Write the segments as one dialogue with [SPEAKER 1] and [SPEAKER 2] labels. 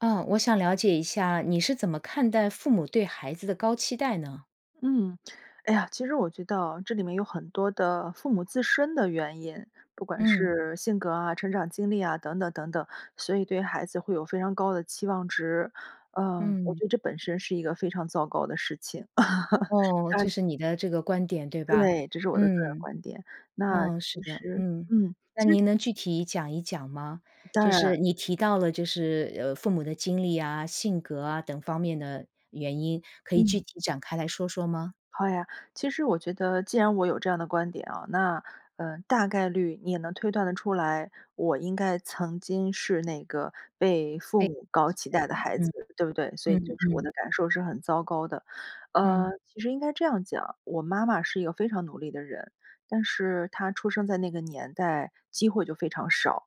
[SPEAKER 1] 嗯，我想了解一下你是怎么看待父母对孩子的高期待呢？
[SPEAKER 2] 嗯，哎呀，其实我觉得啊，这里面有很多的父母自身的原因，不管
[SPEAKER 1] 嗯。
[SPEAKER 2] 是性格啊，成长经历啊，等等等等，所以对孩子会有非常高的期望值。呃，我
[SPEAKER 1] 嗯。
[SPEAKER 2] 觉得这本身是一个非常糟糕的事情，
[SPEAKER 1] 哦，这
[SPEAKER 2] 但
[SPEAKER 1] 是你的这个观点对吧？
[SPEAKER 2] 对，这是我的个人
[SPEAKER 1] 嗯，
[SPEAKER 2] 观点。那
[SPEAKER 1] 哦，
[SPEAKER 2] 其
[SPEAKER 1] 是的，
[SPEAKER 2] 实
[SPEAKER 1] 嗯。
[SPEAKER 2] 嗯，
[SPEAKER 1] 那
[SPEAKER 2] 其实
[SPEAKER 1] 您能具体讲一讲吗？
[SPEAKER 2] 当
[SPEAKER 1] 就是
[SPEAKER 2] 然。
[SPEAKER 1] 你提到了就是，呃，父母的经历啊，性格啊，等方面的原因，可以具
[SPEAKER 2] 嗯。
[SPEAKER 1] 体展开来说说吗？
[SPEAKER 2] 好呀。其实我觉得既然我有这样的观点哦，那，呃，大概率你也能推断得出来，我应该曾经是那个被父
[SPEAKER 1] 对，期
[SPEAKER 2] 母高期待
[SPEAKER 1] 待，
[SPEAKER 2] 的
[SPEAKER 1] 嗯，
[SPEAKER 2] 孩子，对不对？所以就
[SPEAKER 1] 嗯，
[SPEAKER 2] 是我
[SPEAKER 1] 嗯。
[SPEAKER 2] 的感受是很糟糕的，呃，
[SPEAKER 1] 嗯。
[SPEAKER 2] 其实应该这样讲，我妈妈是一个非常努力的人，但是她出生在那个年代，机会就非常少。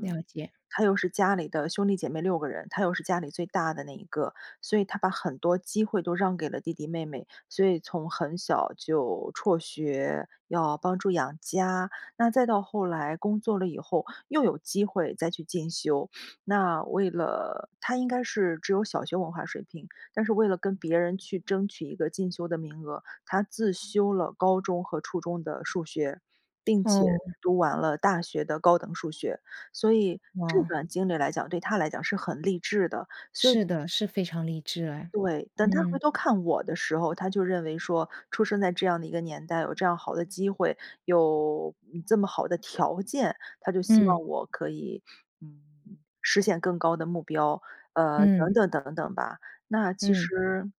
[SPEAKER 1] 了解。
[SPEAKER 2] 她又是家里的兄弟姐妹6个人，她又是家里最大的那一个。所以她把很多机会都让给了弟弟妹妹。所以从很小就辍学，要帮助养家，那再到后来工作了以后，又有机会再去进修。那为了她应该是只有小学文化水平，但是为了跟别人去争取一个进修的名额，她自修了高中和初中的数学，并且
[SPEAKER 1] 哦。
[SPEAKER 2] 读完了大学的高等数学。所以这
[SPEAKER 1] 哇。
[SPEAKER 2] 段经历来讲，对她来讲是很励志的，所以
[SPEAKER 1] 是的，是非常励志哎。
[SPEAKER 2] 对。但她回
[SPEAKER 1] 嗯。
[SPEAKER 2] 头看我的时候，她就认为说，出生在这样的一个年代有这样好的机会，有这么好的条件，她就希望
[SPEAKER 1] 嗯。
[SPEAKER 2] 我可以，嗯，实现更高的目标，呃，等
[SPEAKER 1] 嗯。
[SPEAKER 2] 等等等吧。那其
[SPEAKER 1] 嗯。
[SPEAKER 2] 实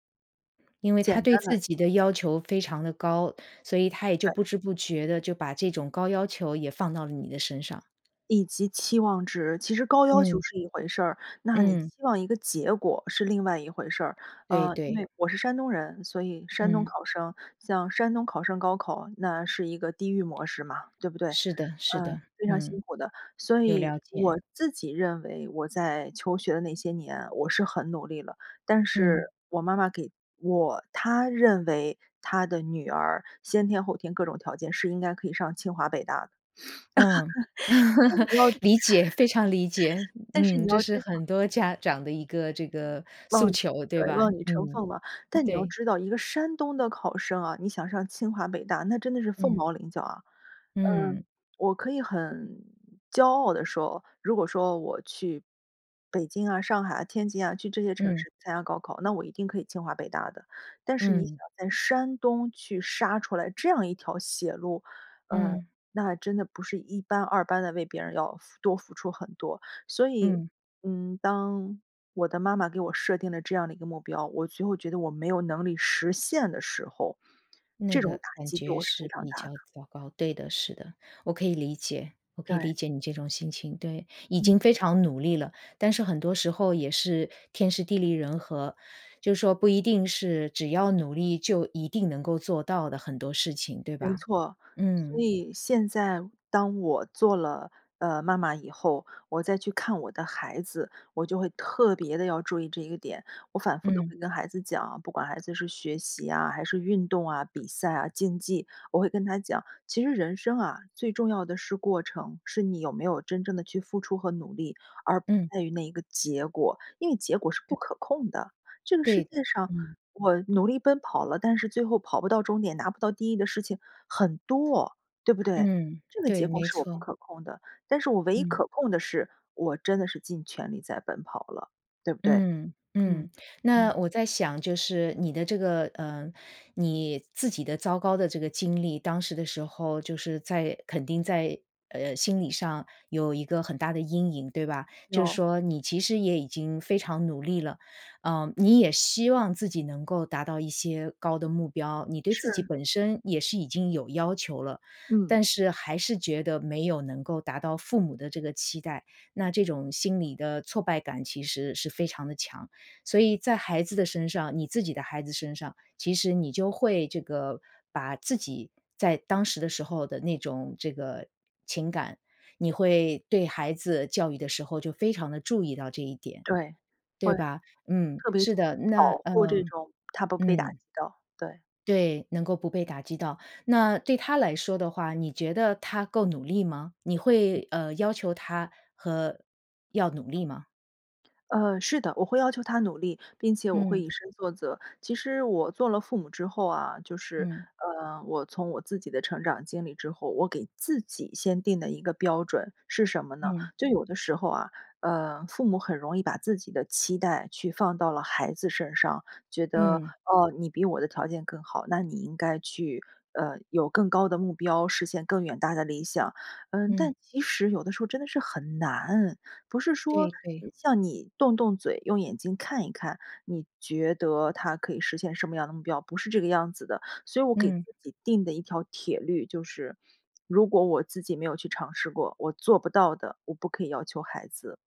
[SPEAKER 1] 因为
[SPEAKER 2] 简
[SPEAKER 1] 她对
[SPEAKER 2] 单的
[SPEAKER 1] 自己的要求非常地高，所以她也就
[SPEAKER 2] 嗯。
[SPEAKER 1] 不知不觉地就把这种高要求也放到了你的身上。
[SPEAKER 2] 以及期望值，其实高要求
[SPEAKER 1] 嗯。
[SPEAKER 2] 是一回事儿。那你
[SPEAKER 1] 嗯。
[SPEAKER 2] 希望一个结果是另外一回事儿。
[SPEAKER 1] 对，
[SPEAKER 2] 呃，因
[SPEAKER 1] 对。
[SPEAKER 2] 为，我是山东人所以山东
[SPEAKER 1] 嗯。
[SPEAKER 2] 考生。像山东考生高考那是一个地狱模式嘛，对不对？
[SPEAKER 1] 是的，是
[SPEAKER 2] 呃，
[SPEAKER 1] 的，
[SPEAKER 2] 非常辛
[SPEAKER 1] 嗯。
[SPEAKER 2] 苦的。所
[SPEAKER 1] 有
[SPEAKER 2] 以
[SPEAKER 1] 了解。
[SPEAKER 2] 我自己认为我在求学的那些年我是很努力了，但是
[SPEAKER 1] 嗯。
[SPEAKER 2] 我妈妈给我她认为她的女儿先天后天各种条件是应该可以上清华北大的。
[SPEAKER 1] 嗯，
[SPEAKER 2] 但 你要
[SPEAKER 1] 理解，非常理解。
[SPEAKER 2] 但是你
[SPEAKER 1] 嗯，这
[SPEAKER 2] 要知
[SPEAKER 1] 是
[SPEAKER 2] 道
[SPEAKER 1] 很多家长的一个这个诉
[SPEAKER 2] 嗯，
[SPEAKER 1] 求，对
[SPEAKER 2] 对，
[SPEAKER 1] 吧？
[SPEAKER 2] 望女成
[SPEAKER 1] 嗯，
[SPEAKER 2] 凤吧。但你要
[SPEAKER 1] 对。
[SPEAKER 2] 知道，一个山东的考生啊，你想上清华北大那真的是凤
[SPEAKER 1] 嗯。
[SPEAKER 2] 毛麟角啊。嗯，
[SPEAKER 1] 嗯。
[SPEAKER 2] 我可以很骄傲地说，如果说我去北京啊、上海、天津啊，去这些城
[SPEAKER 1] 嗯。
[SPEAKER 2] 市参加高考那我一定可以清华北大的。但是你想
[SPEAKER 1] 嗯。
[SPEAKER 2] 在山东去杀出来这样一条血路，呃，
[SPEAKER 1] 嗯。
[SPEAKER 2] 那真的不是一般二般地为别人要付多付出很多。所以，
[SPEAKER 1] 嗯。
[SPEAKER 2] 嗯，当我的妈妈给我设定了这样的一个目标，我最后觉得我没有能力实现的时候，
[SPEAKER 1] 那
[SPEAKER 2] 这种
[SPEAKER 1] 个
[SPEAKER 2] 打
[SPEAKER 1] 感
[SPEAKER 2] 击对
[SPEAKER 1] 觉
[SPEAKER 2] 我是非
[SPEAKER 1] 是
[SPEAKER 2] 常
[SPEAKER 1] 比
[SPEAKER 2] 大的。
[SPEAKER 1] 较糟糕，对的，是的。我可以理解，我可以
[SPEAKER 2] 对。
[SPEAKER 1] 理解你这种心情。对，已
[SPEAKER 2] 嗯。
[SPEAKER 1] 经非常努力了，但是很多时候也是天时地利人和，就是说不一定是只要努力就一定能够做到的很多事情对
[SPEAKER 2] 没
[SPEAKER 1] 吧？
[SPEAKER 2] 错。所
[SPEAKER 1] 嗯。
[SPEAKER 2] 以现在当我做了，呃，妈妈以后，我再去看我的孩子，我就会特别地要注意这一个点。我反复地
[SPEAKER 1] 嗯。
[SPEAKER 2] 会跟孩子讲啊，不管孩子是学习啊，还是运动啊，比赛啊，竞技。我会跟他讲，其实人生啊，最重要的是过程，是你有没有真正地去付出和努力，而不
[SPEAKER 1] 嗯。
[SPEAKER 2] 在于那一个结果。因为结果是不
[SPEAKER 1] 对。
[SPEAKER 2] 可控的，这个
[SPEAKER 1] 对
[SPEAKER 2] 世
[SPEAKER 1] 的，
[SPEAKER 2] 界上
[SPEAKER 1] 嗯。
[SPEAKER 2] 我努力奔跑了但是最后跑不到终点拿不到第一的事情很多，对不对？
[SPEAKER 1] 嗯，
[SPEAKER 2] 这个结
[SPEAKER 1] 对，
[SPEAKER 2] 果
[SPEAKER 1] 没
[SPEAKER 2] 是我不
[SPEAKER 1] 错。
[SPEAKER 2] 可控的，但是我唯一
[SPEAKER 1] 嗯。
[SPEAKER 2] 可控的是我真的是尽全力在奔跑了，对不对？
[SPEAKER 1] 嗯，
[SPEAKER 2] 嗯，
[SPEAKER 1] 嗯。那
[SPEAKER 2] 嗯。
[SPEAKER 1] 我在想就是你的这个，呃，你自己的糟糕的这个经历当时的时候就是在肯定在，呃，心理上有一个很大的阴影对吧？就是
[SPEAKER 2] 有。
[SPEAKER 1] 说你其实也已经非常努力了，嗯，你也希望自己能够达到一些高的目标，你对自己
[SPEAKER 2] 是。
[SPEAKER 1] 本身也是已经有要求了，
[SPEAKER 2] 嗯。
[SPEAKER 1] 但是还是觉得没有能够达到父母的这个期待，那这种心理的挫败感其实是非常的强。所以在孩子的身上你自己的孩子身上其实你就会这个把自己在当时的时候的那种这个情感，你会对孩子教育的时候就非常地注意到这一点，
[SPEAKER 2] 对，会。
[SPEAKER 1] 对吧？嗯，
[SPEAKER 2] 特别
[SPEAKER 1] 是的。那
[SPEAKER 2] 保护这
[SPEAKER 1] 嗯，
[SPEAKER 2] 种他不被打击
[SPEAKER 1] 嗯。
[SPEAKER 2] 到。对。
[SPEAKER 1] 对，能够不被打击到。那对他来说的话你觉得他够努力吗？你会，呃，要求他和要努力吗？
[SPEAKER 2] 呃，是的，我会要求他努力并且我会
[SPEAKER 1] 嗯。
[SPEAKER 2] 以身作则。其实我做了父母之后啊，就是，
[SPEAKER 1] 嗯。
[SPEAKER 2] 呃，我从我自己的成长经历之后，我给自己先定的一个标准，是什么呢？
[SPEAKER 1] 嗯。
[SPEAKER 2] 就有的时候啊，呃，父母很容易把自己的期待去放到了孩子身上，觉得，
[SPEAKER 1] 嗯。
[SPEAKER 2] 哦，你比我的条件更好，那你应该去，呃，有更高的目标实现更远大的理想。嗯，
[SPEAKER 1] 嗯。
[SPEAKER 2] 但其实有的时候真的是很难，不是说
[SPEAKER 1] 对，对。
[SPEAKER 2] 像你动动嘴，用眼睛看一看，你觉得他可以实现什么样的目标，不是这个样子的。所以我给自
[SPEAKER 1] 嗯。
[SPEAKER 2] 己定的一条铁律就是如果我自己没有去尝试过，我做不到的，我不可以要求孩子。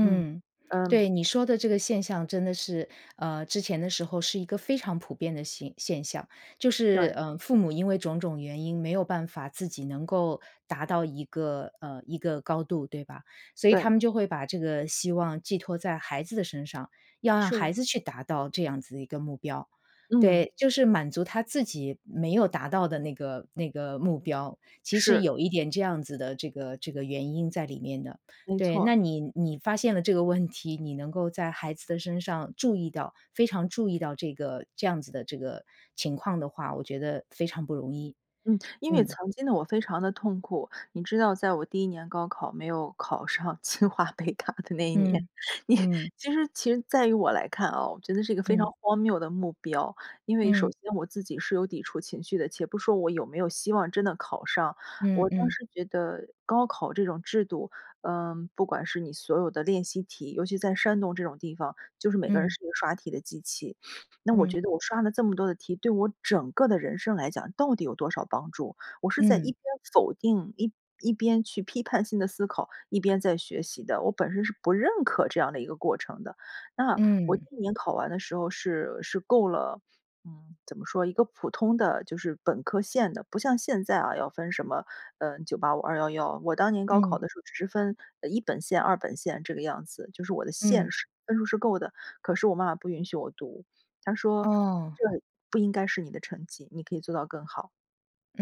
[SPEAKER 2] 嗯，嗯。
[SPEAKER 1] 对，你说的这个现象真的是，呃，之前的时候是一个非常普遍的现现象。就是，
[SPEAKER 2] 对。
[SPEAKER 1] 呃，父母因为种种原因没有办法自己能够达到一个，呃，一个高度对吧。所以他
[SPEAKER 2] 对。
[SPEAKER 1] 们就会把这个希望寄托在孩子的身上，要让
[SPEAKER 2] 是。
[SPEAKER 1] 孩子去达到这样子的一个目标。
[SPEAKER 2] 嗯。
[SPEAKER 1] 对，就是满足他自己没有达到的那个那个目标。其实
[SPEAKER 2] 是。
[SPEAKER 1] 有一点这样子的这个这个原因在里面的。
[SPEAKER 2] 没
[SPEAKER 1] 对，
[SPEAKER 2] 错。
[SPEAKER 1] 那你你发现了这个问题。你能够在孩子的身上注意到，非常注意到这个这样子的这个情况的话，我觉得非常不容易。
[SPEAKER 2] 嗯，因为
[SPEAKER 1] 嗯。
[SPEAKER 2] 曾经的我非常地痛苦。你知道在我第1年高考没有考上清华北大的那一年，
[SPEAKER 1] 嗯。
[SPEAKER 2] 你
[SPEAKER 1] 嗯。
[SPEAKER 2] 其实其实在于我来看哦，我觉得是一个非常
[SPEAKER 1] 嗯。
[SPEAKER 2] 荒谬的目标。因为首
[SPEAKER 1] 嗯。
[SPEAKER 2] 先我自己是有抵触情绪的，且不说我有没有希望真的考上。我
[SPEAKER 1] 嗯，
[SPEAKER 2] 当
[SPEAKER 1] 嗯。
[SPEAKER 2] 时觉得高考这种制度，呃，不管是你所有的练习题，尤其在山东这种地方，就是每个人
[SPEAKER 1] 嗯。
[SPEAKER 2] 是一个刷题的机器。那我
[SPEAKER 1] 嗯。
[SPEAKER 2] 觉得我刷了这么多题，对我整个的人生来讲到底有多少帮助？我是在一
[SPEAKER 1] 嗯。
[SPEAKER 2] 边否定一一边去批判性地思考一边在学习的。我本身是不认可这样的一个过程的。那，我第
[SPEAKER 1] 嗯。
[SPEAKER 2] 1年考完的时候是是够了，嗯，怎么说一个普通的就是本科线的，不像现在啊，要分什么，嗯，985、211。我当年高考
[SPEAKER 1] 嗯。
[SPEAKER 2] 的时候只是分，呃，一本线、二本线这个样子。就是我的线
[SPEAKER 1] 嗯。
[SPEAKER 2] 是分数是够的，可是我妈妈不允许我读，她说
[SPEAKER 1] 哦。
[SPEAKER 2] 这不应该是你的成绩，你可以做到更好。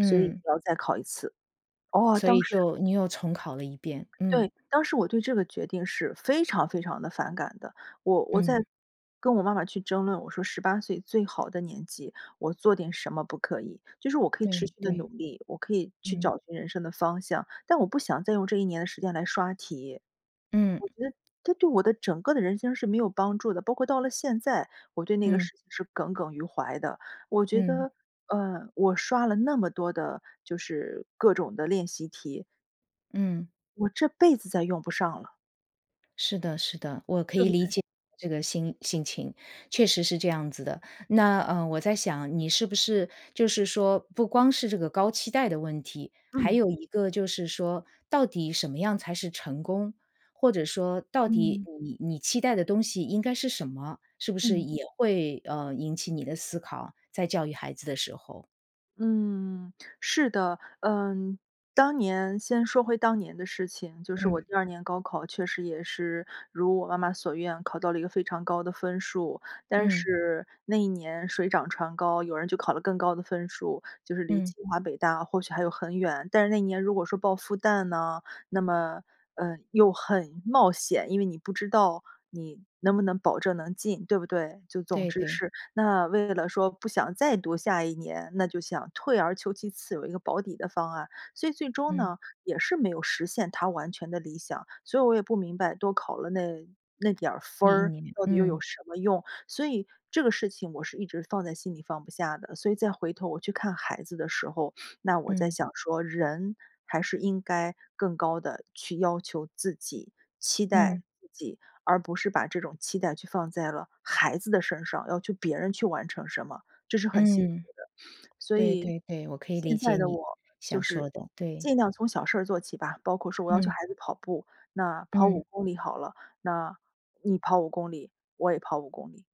[SPEAKER 2] 所以你要再考一次。哦，
[SPEAKER 1] 所
[SPEAKER 2] 当
[SPEAKER 1] 以
[SPEAKER 2] 时
[SPEAKER 1] 就你又重考了一遍，嗯。
[SPEAKER 2] 对。当时我对这个决定是非常非常地反感的。我我在
[SPEAKER 1] 嗯。
[SPEAKER 2] 跟我妈妈去争论，我说18岁最好的年纪我做点什么不可以。就是我可以持
[SPEAKER 1] 对，
[SPEAKER 2] 续地努
[SPEAKER 1] 对，
[SPEAKER 2] 力，我可以去
[SPEAKER 1] 嗯。
[SPEAKER 2] 找寻人生的方向。但我不想再用这一年的时间来刷题。
[SPEAKER 1] 嗯。
[SPEAKER 2] 我觉得这对我的整个的人生是没有帮助的，包括到了现在我对那个
[SPEAKER 1] 嗯。
[SPEAKER 2] 事情是耿耿于怀的。我觉
[SPEAKER 1] 嗯。
[SPEAKER 2] 得，呃，我刷了那么多的就是各种的练习题
[SPEAKER 1] 嗯。
[SPEAKER 2] 我这辈子再用不上了。
[SPEAKER 1] 是的，是的。我可
[SPEAKER 2] 对
[SPEAKER 1] 以
[SPEAKER 2] 不
[SPEAKER 1] 理
[SPEAKER 2] 对？
[SPEAKER 1] 解这个心心情。确实是这样子的，那，呃，我在想你是不是就是说不光是这个高期待的问题，还
[SPEAKER 2] 嗯。
[SPEAKER 1] 有一个就是说到底什么样才是成功，或者说到底
[SPEAKER 2] 嗯。
[SPEAKER 1] 你你期待的东西应该是什么，是不是
[SPEAKER 2] 嗯。
[SPEAKER 1] 也会，呃，引起你的思考，在教育孩子的时候？
[SPEAKER 2] 嗯，是的。嗯，当年先说回当年的事情，就是我
[SPEAKER 1] 嗯。
[SPEAKER 2] 第2年高考确实也是如我妈妈所愿考到了一个非常高的分数。但
[SPEAKER 1] 嗯。
[SPEAKER 2] 是那一年水涨船高有人就考了更高的分数，就是离
[SPEAKER 1] 嗯。
[SPEAKER 2] 清华北大或许还有很远，但是那年如果说报复旦呢，那么，呃，又很冒险，因为你不知道你能不能保证能进，对不对？就总
[SPEAKER 1] 对，
[SPEAKER 2] 之
[SPEAKER 1] 对。
[SPEAKER 2] 是那为了说不想再读下一年，那就想退而求其次有一个保底的方案。所以最终
[SPEAKER 1] 嗯。
[SPEAKER 2] 呢也是没有实现她完全的理想，所以我也不明白多考了那那点儿分
[SPEAKER 1] 你
[SPEAKER 2] 儿
[SPEAKER 1] 你，
[SPEAKER 2] 到底又有
[SPEAKER 1] 嗯。
[SPEAKER 2] 什么用？所以这个事情我是一直放在心里放不下的。所以再回头我去看孩子的时候，那我在
[SPEAKER 1] 嗯。
[SPEAKER 2] 想说人还是应该更高地去要求自己，期
[SPEAKER 1] 嗯。
[SPEAKER 2] 待自己，而不是把这种期待去放在了孩子的身上，要去别人去完成什么，这是很辛苦
[SPEAKER 1] 嗯。
[SPEAKER 2] 的。所
[SPEAKER 1] 对
[SPEAKER 2] 以
[SPEAKER 1] 对对我可以理
[SPEAKER 2] 现在
[SPEAKER 1] 解
[SPEAKER 2] 的
[SPEAKER 1] 你
[SPEAKER 2] 我就
[SPEAKER 1] 想说
[SPEAKER 2] 是
[SPEAKER 1] 的，对。
[SPEAKER 2] 尽量从小事儿做起吧，包括说我要求
[SPEAKER 1] 嗯。
[SPEAKER 2] 孩子跑步，那跑
[SPEAKER 1] 嗯。
[SPEAKER 2] 5公里好了，那你跑5公里，我也跑5公里。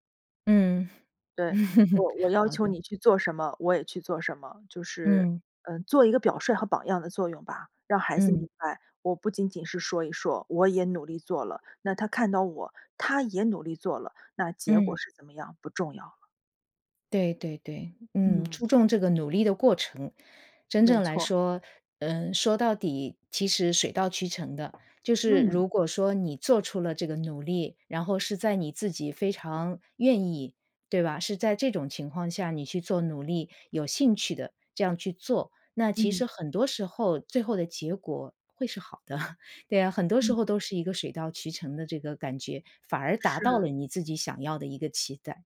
[SPEAKER 1] 嗯，
[SPEAKER 2] 对。我 我要
[SPEAKER 1] 好
[SPEAKER 2] 求
[SPEAKER 1] 的。
[SPEAKER 2] 你去做什么，我也去做什么。就是，
[SPEAKER 1] 嗯。
[SPEAKER 2] 嗯，做一个表率和榜样的作用吧。让孩子明
[SPEAKER 1] 嗯。
[SPEAKER 2] 白我不仅仅是说一说，我也努力做了。那他看到我，他也努力做了，那结果
[SPEAKER 1] 嗯。
[SPEAKER 2] 是怎么样不重要了。
[SPEAKER 1] 对对对。嗯，
[SPEAKER 2] 嗯。
[SPEAKER 1] 注重这个努力的过程，真
[SPEAKER 2] 没
[SPEAKER 1] 正来
[SPEAKER 2] 错。
[SPEAKER 1] 说，呃，说到底其实水到渠成的。就是
[SPEAKER 2] 嗯。
[SPEAKER 1] 如果说你做出了这个努力，然后是在你自己非常愿意，对吧？是在这种情况下你去做努力，有兴趣的，这样去做，那其
[SPEAKER 2] 嗯。
[SPEAKER 1] 实很多时候最后的结果会是好的。对啊，很多时
[SPEAKER 2] 嗯。
[SPEAKER 1] 候都是一个水到渠成的这个感觉，反而达到
[SPEAKER 2] 是。
[SPEAKER 1] 了你自己想要的一个期待。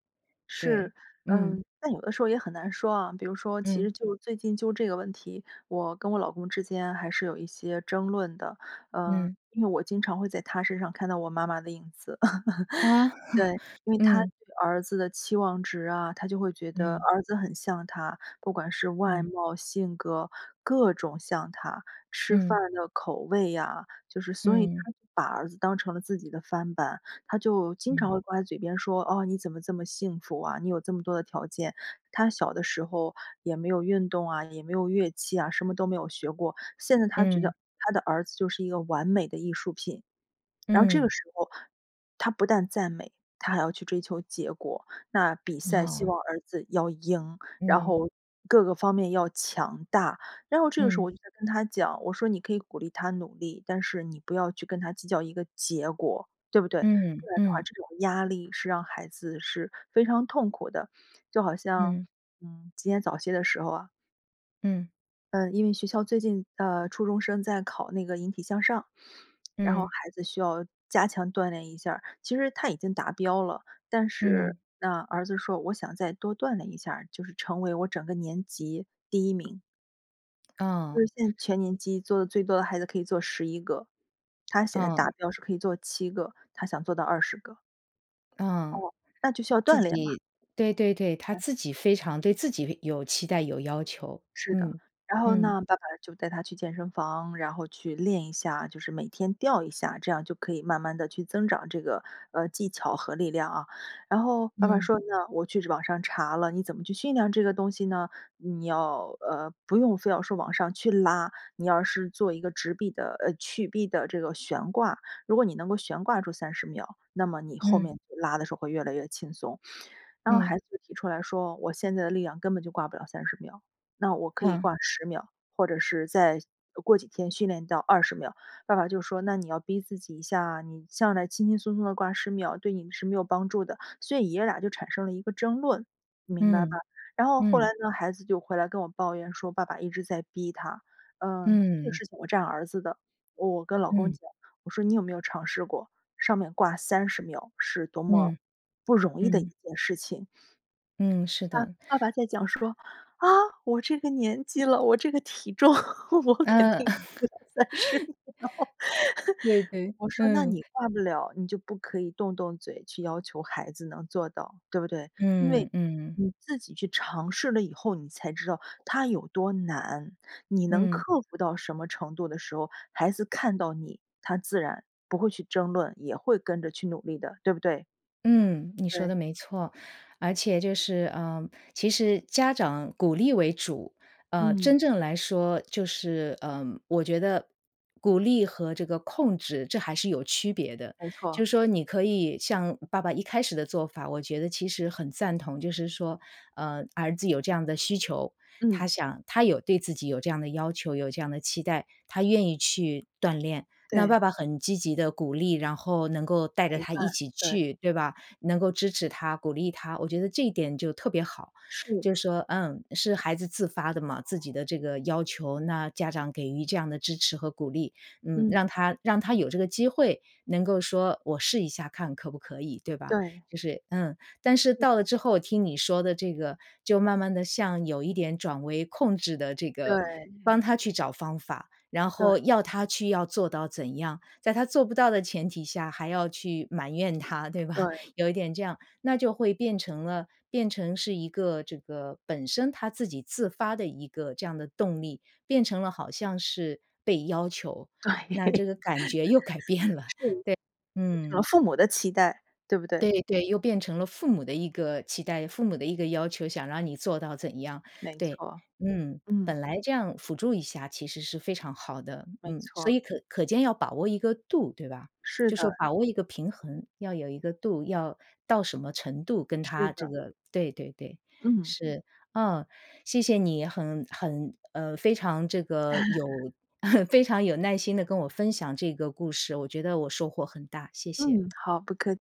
[SPEAKER 1] 对，
[SPEAKER 2] 是，
[SPEAKER 1] 嗯。
[SPEAKER 2] 嗯。但有的时候也很难说啊，比如说其
[SPEAKER 1] 嗯。
[SPEAKER 2] 实就最近就这个问题，我跟我老公之间还是有一些争论的。呃，
[SPEAKER 1] 嗯。
[SPEAKER 2] 因为我经常会在他身上看到我妈妈的影子。
[SPEAKER 1] 啊？
[SPEAKER 2] 对，因为他
[SPEAKER 1] 嗯。
[SPEAKER 2] 对儿子的期望值啊，他就会觉得
[SPEAKER 1] 嗯。
[SPEAKER 2] 儿子很像他，不管是外
[SPEAKER 1] 嗯。
[SPEAKER 2] 貌、性格，各种像他，吃饭
[SPEAKER 1] 嗯。
[SPEAKER 2] 的口味呀，就是所以他
[SPEAKER 1] 嗯。
[SPEAKER 2] 把儿子当成了自己的翻板。他就经常会
[SPEAKER 1] 嗯。
[SPEAKER 2] 挂在嘴边说，哦，你怎么这么幸福啊，你有这么多的条件，他小的时候也没有运动啊，也没有乐器啊，什么都没有学过。现在他觉
[SPEAKER 1] 嗯。
[SPEAKER 2] 得他的儿子就是一个完美的艺术品。然后这个
[SPEAKER 1] 嗯。
[SPEAKER 2] 时候，他不但赞美，他还要去追求结果。那比赛希
[SPEAKER 1] 哦。
[SPEAKER 2] 望儿子要赢，然
[SPEAKER 1] 嗯。
[SPEAKER 2] 后各个方面要强大。然后这个时候
[SPEAKER 1] 嗯。
[SPEAKER 2] 我就跟他讲，我说：“你可以鼓励他努力，但是你不要去跟他计较一个结果。“对不对？不
[SPEAKER 1] 嗯，
[SPEAKER 2] 然的话
[SPEAKER 1] 嗯。
[SPEAKER 2] 这种压力是让孩子是非常痛苦的。就好像，
[SPEAKER 1] 嗯。
[SPEAKER 2] 嗯，今天早些的时候啊
[SPEAKER 1] 嗯。
[SPEAKER 2] 呃，因为学校最近，呃，初中生在考那个引体向上，然后
[SPEAKER 1] 嗯。
[SPEAKER 2] 孩子需要加强锻炼一下儿。其实他已经达标了，但是
[SPEAKER 1] 嗯。
[SPEAKER 2] 那儿子说我想再多锻炼一下儿，就是成为我整个年级第1名。就
[SPEAKER 1] 啊。
[SPEAKER 2] 是现在全年级做的最多的孩子可以做11个，他现在达
[SPEAKER 1] 啊。
[SPEAKER 2] 标是可以做7个，他想做到20个。
[SPEAKER 1] 啊，
[SPEAKER 2] 哦，那就需要
[SPEAKER 1] 自
[SPEAKER 2] 锻炼嘛。
[SPEAKER 1] 己，对对对，他
[SPEAKER 2] 嗯。
[SPEAKER 1] 自己非常对自己有期待有要求。
[SPEAKER 2] 是的。
[SPEAKER 1] 嗯，
[SPEAKER 2] 然后
[SPEAKER 1] 嗯。
[SPEAKER 2] 那爸爸就带他去健身房然后去练一下，就是每天吊一下，这样就可以慢慢地去增长这个，呃，技巧和力量啊。然后爸爸
[SPEAKER 1] 嗯。
[SPEAKER 2] 说那我去网上查了你怎么去训练这个东西呢？你要，呃，不用非要说往上去拉，你要是做一个直臂的呃，曲臂的这个悬挂。如果你能够悬挂住30秒，那么你后
[SPEAKER 1] 嗯。
[SPEAKER 2] 面就拉的时候会越来越轻松。然后
[SPEAKER 1] 嗯。
[SPEAKER 2] 孩子就提出来说：“我现在的力量根本就挂不了30秒，那我可以
[SPEAKER 1] 啊。
[SPEAKER 2] 挂10秒，或者是再过几天训练到20秒。“爸爸就说：“那你要逼自己一下啊。你上来轻轻松松地挂10秒对你是没有帮助的。“所以爷俩就产生了一个争论，明白吧？
[SPEAKER 1] 嗯。
[SPEAKER 2] 然后后来
[SPEAKER 1] 嗯。
[SPEAKER 2] 呢孩子就回来跟我抱怨说：“爸爸一直在逼他。“嗯，这个
[SPEAKER 1] 嗯。
[SPEAKER 2] 事情我站儿子的，我跟老公
[SPEAKER 1] 嗯。
[SPEAKER 2] 讲，我说：“你有没有尝试过，上面挂30秒是多么
[SPEAKER 1] 嗯。
[SPEAKER 2] 不容易的一
[SPEAKER 1] 嗯。
[SPEAKER 2] 件事情。
[SPEAKER 1] 嗯，是的。
[SPEAKER 2] “爸爸爸在讲说，“啊，我这个年纪了我这个体重，我肯
[SPEAKER 1] 啊，
[SPEAKER 2] 定挂不了30秒。
[SPEAKER 1] 对，对。
[SPEAKER 2] “我说：“那
[SPEAKER 1] 嗯。
[SPEAKER 2] 你挂不了，你就不可以动动嘴去要求孩子能做到，对不对？因为
[SPEAKER 1] 嗯，嗯。
[SPEAKER 2] 你自己去尝试了以后你才知道它有多难。你能
[SPEAKER 1] 嗯。
[SPEAKER 2] 克服到什么程度的时候，孩子看到你他自然不会去争论，也会跟着去努力的，对不对？“
[SPEAKER 1] 嗯，你说
[SPEAKER 2] 对。
[SPEAKER 1] 的没错，而且就是，呃，其实家长鼓励为主。呃，
[SPEAKER 2] 嗯。
[SPEAKER 1] 真正来说，就是，呃，我觉得鼓励和这个控制这还是有区别的。
[SPEAKER 2] 没错。
[SPEAKER 1] 就是说你可以像爸爸一开始的做法我觉得其实很赞同，就是说，呃，儿子有这样的需求，他
[SPEAKER 2] 嗯。
[SPEAKER 1] 想他有对自己有这样的要求，有这样的期待，他愿意去锻炼。那
[SPEAKER 2] 对。
[SPEAKER 1] 爸爸很积极地鼓励，然后能够带着
[SPEAKER 2] 陪
[SPEAKER 1] 他
[SPEAKER 2] 伴，
[SPEAKER 1] 一起
[SPEAKER 2] 对。
[SPEAKER 1] 去，对吧？能够支持他、鼓励他，我觉得这一点就特别好。
[SPEAKER 2] 是。
[SPEAKER 1] 就是说，嗯，是孩子自发的嘛，自己的这个要求，那家长给予这样的支持和鼓励。嗯，
[SPEAKER 2] 嗯。
[SPEAKER 1] 让他让他有这个机会能够说我试一下看可不可以，对吧？
[SPEAKER 2] 对。
[SPEAKER 1] 就是，嗯。但是
[SPEAKER 2] 对。
[SPEAKER 1] 到了之后听你说的这个，就慢慢地向有一点转为控制的这个
[SPEAKER 2] 对。
[SPEAKER 1] 帮他去找方法，然
[SPEAKER 2] 对。
[SPEAKER 1] 后要他去要做到怎样，在他做不到的前提下还要去埋怨他，对吧？
[SPEAKER 2] 对。
[SPEAKER 1] 有一点这样，那就会变成了变成是一个这个本身他自己自发的一个这样的动力，变成了好像是被要求。
[SPEAKER 2] 对。
[SPEAKER 1] 那 这个感觉又改变了。
[SPEAKER 2] 是。
[SPEAKER 1] 对，
[SPEAKER 2] 变成
[SPEAKER 1] 嗯。
[SPEAKER 2] 父母的期待，对不对？
[SPEAKER 1] 对，对，又变成了父母的一个期待，父母的一个要求，想让你做到怎样，
[SPEAKER 2] 没
[SPEAKER 1] 对，
[SPEAKER 2] 错。
[SPEAKER 1] 嗯。
[SPEAKER 2] 嗯。
[SPEAKER 1] 本来这样辅助一下其实是非常好的，
[SPEAKER 2] 没
[SPEAKER 1] 嗯。所
[SPEAKER 2] 错。
[SPEAKER 1] 以可可见要把握一个度对吧？
[SPEAKER 2] 是
[SPEAKER 1] 就是
[SPEAKER 2] 的。
[SPEAKER 1] 把握一个平衡，要有一个度，要到什么程度跟
[SPEAKER 2] 是
[SPEAKER 1] 他这
[SPEAKER 2] 的。
[SPEAKER 1] 个对对对，
[SPEAKER 2] 嗯。
[SPEAKER 1] 是，哦，谢谢你，很很呃，非常这个有 非常有耐心地跟我分享这个故事，我觉得我收获很大，谢谢。
[SPEAKER 2] 嗯，好不客